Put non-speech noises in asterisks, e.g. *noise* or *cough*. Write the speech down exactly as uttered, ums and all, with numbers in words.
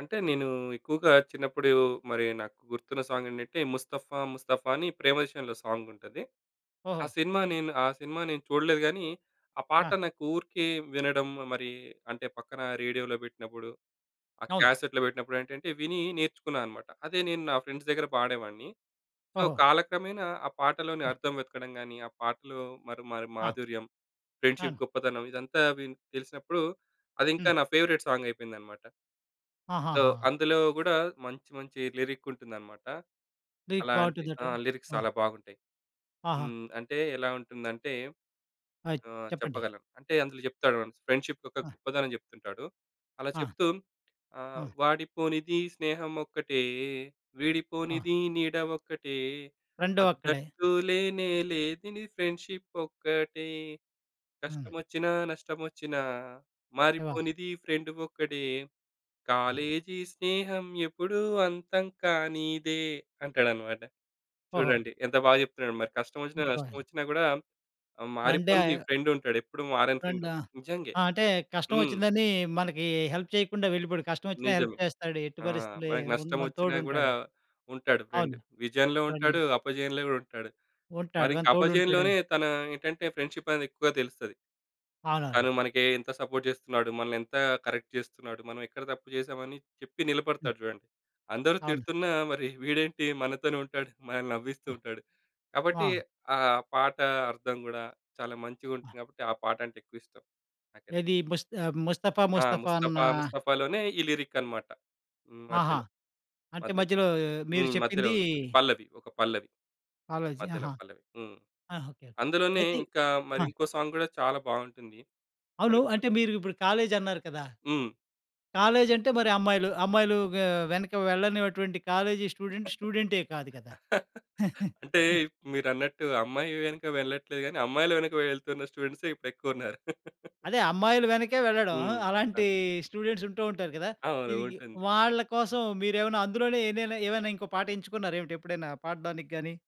అంటే, నేనూ ఎక్కువగా చిన్నప్పుడు మరి నాకు గుర్తున్న సాంగేంటంటే ముస్తఫ్ఫా ముస్తఫా అని 'ప్రేమదేశం‌లో' సాంగుంటది. ఆ ఓహొ! సినిమా నేను ఆ సినిమా నేను చూడలేదు గానీ, ఆ పాట ఆ! నాకు ఊరికే వినడం మరి అంటే పక్కన రేడియోలో పెట్టినప్పుడు, ఆ అవును. క్యాసెట్‌లో పెట్టినప్పుడేంటంటే వినీ నేర్చుకున్నా అనమాట. అదే నేను నా ఫ్రెండ్స్ దగ్గర పాడేవాడిని. సో, ఓహో! కాలక్రమేణా ఆ పాటలోని ఆ! అర్థం వెతకడం‌గాని ఆ పాటలో మరి మరి ఆ! మాధుర్యం, అవును. ఫ్రెండ్‌షిప్ గొప్పతనం ఇదంతా విన్ తెలిసినప్పుడు అది ఇంకా హ్మ్. నా ఫేవరెట్ సాంగయిపోయిందనమాట. సో, ఆహాహా! అందులో గూడా మంచి మంచి లిరికుంటుందనమాట. లిరిక్ అలాంటి ఆ! బావుంటుందంటారా? లిరిక్స్ ఆ! చాలా బాగుంటాయి. ఆహా! హ్మ్. అంటే ఎలా ఉంటుందంటే, ఆ! ఆ! చెప్పండి. చెప్పగలను. అంటే అందులో జెప్తాడు *unintelligible* ఫ్రెండ్‌షిప్ యొక్క ఆ! గొప్పదనం చెప్తుంటాడు. అలా ఆ! చెప్తూ ఆహ్, ఆ! వాడిపోనిది స్నేహమొక్కటే, ఆ! వీడిపోనిది నీడ ఒక్కటే, రెండూ అక్కడే. హ‌ద్దంటూ లేనేలేనిది ఫ్రెండ్‌షిప్పొక్కటే, హ్మ్. కష్టమొచ్చినా నష్టమొచ్చినా, ఎవ మారిపోనిది ఫ్రెండు ఒక్కడే, ఆ! కాలేజీ స్నేహం ఎపుడూ అంతం కానీదే అంటాడనమాట. ఓహో! చూడండి ఎంతబాగ జెప్తున్నాడు! మరి కష్టమొచ్చిన *unintelligible* నష్టమొచ్చినా గూడా ఆహ్, ఫ్రేండే మారిపోనిది ఆయ్ ఫ్రెండుంటాడు. ఎప్పుడూ మారని ఫ్రెండు ఫ్రెండా, నిజంగే. ఆ! అంటే కష్టం హ్మ్. వచ్చిందని మనకి హెల్ప్ చేయకుండా వెళ్ళిపోడు. కష్టమొచ్చిన హెల్ప్ నిజమే. చేస్తాడు. ఎట్టి ఆ! పరిస్థితులే మనకు ఉన్ మన నష్టమోచ్చినా గూడా తోడుంటాడు. ఉంటాడు అవును. ఫ్రెండు. విజయంలో ఫ్రెండే. ఉంటాడు. అపజయంలో గూడా ఉంటాడు. ఉంటాడు. మరింక గని అపజయంలోనే తోడుంటాడని. తన ఏంటంటే ఫ్రెండ్‌షిపనేది ఎక్కువగా తెలుస్తది. అవునవును. తను మనకి ఎంత సపోర్ట్ చేస్తున్నాడు? మనల్ని ఎంత కరెక్ట్ చేస్తున్నాడు? మనం ఎక్కడ తప్పు చేసామని చెప్పి హ్మ్. నిలబడతాడు చూడండి. అందరూ అవును. తిడుతున్నా మరి వీడేంటి? మనతోనే ఉంటాడు. మనల్ని నవ్విస్తూ ఉంటాడు. ఆ! కాబట్టి అవును. ఆహ్, పాట అర్థం గూడా చాలా ఆ! మంచిగుంటుంది. కాబట్టి ఆ పాటంటే ఎక్కువిష్టం నాకైతే. ఏది? ముస్త్ ముస్తఫా‌ ఆ! ముస్తఫా అన్న ముస్తఫా‌ ముస్తఫా‌లోనే ఈ లిరిక్ అనమాట. హ్మ్. ఆహా! మధ్యలో. అంటే మధ్యలో. మధ్యలో మీరు హ్మ్. మధ్యలో చెప్పిందీ వస్తుంది. పల్లవి. ఒక పల్లవి. కాలేజి. మధ్యలో ఆహా! పల్లవి. హ్మ్. ఆహ్, ఓకే. అందులోనే అయితే ఇంకా మరి ఆ! ఇంకో సాంగ్ గూడా చాలా బావుంటుంది. అవును. కరెక్టు. అంటే మీరు ఇప్పుడు కాలేజన్నారు కదా! హ్మ్. కాలేజంటే మరి అమ్మాయిలు, అమ్మాయిలూ వె వెనక వెళ్ళనినటువంటి కాలేజీ స్టూడెంటు స్టూడెంటే కాదు కదా! *laughs* అంటే *chuckles* మీరన్నట్టు అమ్మాయి వెనక వెళ్ళట్లేదు గానీ, అమ్మాయిల వెనక వెళ్తున్న స్టూడెంట్సే ఇప్పుడెక్కువున్నారు. *chuckles* అదే అమ్మాయిలు వెనకే వెళ్ళడం. అ! హ్మ్. హ్మ్. అలాంటీ అన్ స్టూడెంట్స్ ఉంటూ ఉంటారు కదా! అవును. ఇది ఉంటుంది. వాళ్ళ కోసం మీరేవన్నా అందులోనే ఎన్నయిన ఏవైనా ఇంకో పాటెంచుకున్నారేమిటి? ఎప్పుడైనా పాడ్డానికి గాని.